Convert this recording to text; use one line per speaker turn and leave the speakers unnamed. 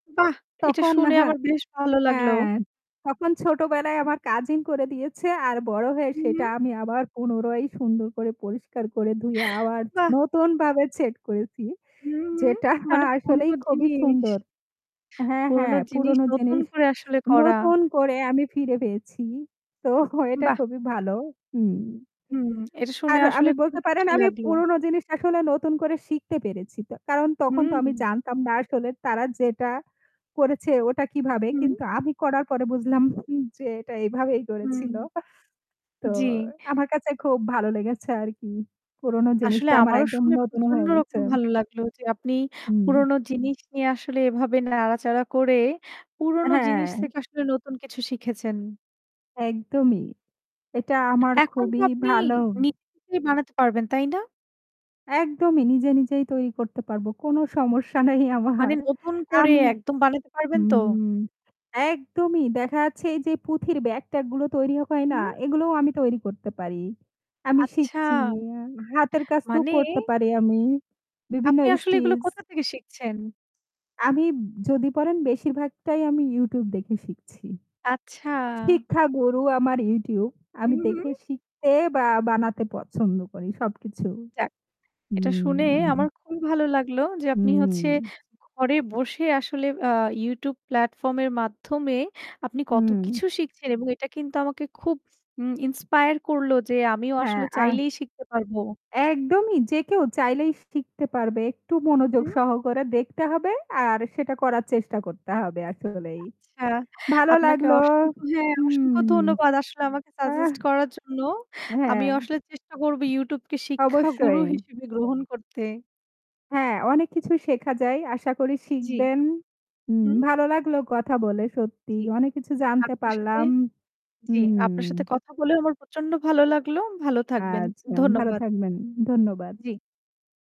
বাহ! এটা
তখন
শুনে
হ্যাঁ,
আমার বেশ ভালো লাগলো।
হ্যাঁ তখন ছোটবেলায় আমার কাজিন করে দিয়েছে আর বড় হয়ে সেটা
উহু।
আমি আবার পুনরায় সুন্দর করে পরিষ্কার করে ধুয়ে আবার
বাহ!
নতুনভাবে সেট করেছি।
হুম, হুম
যেটা আ
মানে
আসলেই
পুরোনো
খুবই
জিনিস।
সুন্দর হ্যাঁ,
পুরনো
হ্যাঁ
জিনিস
পুরোনো
নতুন
জিনিস
করে আসলে করা।
নতুন করে আমি ফিরে পেয়েছি। তো এটা
বাহ!
খুবই ভালো হুম
হুম, এটা শুনে
আর
আসলে
আমি
খুব
বলতে পারেন
খুশি
আমি
লাগলো।
পুরনো জিনিসটা আসলে নতুন করে শিখতে পেরেছি। তো কারণ তখন তো আমি
হুম।
জানতাম না আসলে তারা যেটা করেছে ওটা কিভাবে
হু।
কিন্তু আমি করার পরে বুঝলাম হুম যে এটা এভাবেই
হুম,
করেছিল। তো
জ্বি।
আমার কাছে খুব ভালো লেগেছে আরকি। পুরোনো
আসলে
জিনিসটা আমার
আমারও
একদম
শুনে
নতুন
প্রচন্ড
হয়ে গেছে।
রকম ভালো লাগলো যে আপনি
হুম।
পুরনো জিনিস নিয়ে আসলে এভাবে নাড়াচাড়া করে পুরনো জিনিস
হ্যাঁ।
থেকে আসলে নতুন কিছু শিখেছেন।
একদমই। এটা আমার
এখন তো
খুবই
আপনি
ভাল।
নি [unintelligible] বানাতে পারবেন, তাই না?
একদমই নিজে, নিজেই তৈরি করতে পারব। কোন সমস্যা নাই
মানে
আমার।
নতুন করে
আমি
একদম বানাতে পারবেন তো?
হুম একদমই দেখা যাচ্ছে এইযে পুঁথির ব্যাগ-ট্যাগ গুলো তৈরি হয় না?
হুম।
এগুলোও আমি তৈরি করতে পারি। আমি
আচ্ছা!
শিখছি। হাতের কাজ তো
মানে?
করতে পারি আমি। বিভিন্ন
আপনি আসলে এগুলো
স্টিচ।
কোথা থেকে শিখছেন?
আমি যদি পরেন বেশির ভাগটাই আমি YouTube দেখে শিখছি।
আচ্ছা।
শিক্ষা গরু আমার YouTube।
হু,
আমি দেখে
হু।
শিখতে বা বানাতে পছন্দ করি সবকিছু।
যাক, এটা শুনে
হুম।
আমার খুবই ভালো লাগলো যে আপনি হচ্ছে
হুম।
ঘরে বসে আসলে আ YouTube প্লাটফর্ম এর মাধ্যমে আপনি কত
হুম।
কিছু শিখছেন এবং এটা কিন্তু আমাকে খুব উম ইন্সপায়ার করলো যে আমিও
হ্যাঁ
আসলে
আর
চাইলেই শিখতে পারবো।
একদমই যে কেউ চাইলেই শিখতে পারবে। একটু মনোযোগ
হু।
সহকারে দেখতে হবে আর সেটা করার চেষ্টা করতে হবে আসলেই।
আচ্ছা,
ভালো
আপনাকে
লাগল।
অসংখ্য হ্যাঁ, অসংখ্য
হুম,
ধন্যবাদ। আসলে আমাকে
আহ!
সাজেস্ট করার জন্য।
হ্যাঁ।
আমিও আসলে চেষ্টা করব YouTube কে শিক্ষাগুরু
অবশ্যই।
হিসেবে গ্রহণ করতে।
হ্যাঁ অনেক কিছু শেখা যায়। আশা করি
জ্বি,
শিখবেন। হুম
হু।
ভালো লাগল কথা বলে সত্যিই
জ্বি
অনেক কিছু জানতে
আপনার সাথে
পারলাম।
জ্বি
হুম।
আপনার সাথে কথা বলেও আমার প্রচন্ড ভালো লাগলো। ভালো থাকবেন।
আচ্ছা ভালো
ধন্যবাদ।
থাকবেন। ধন্যবাদ।
জ্বী।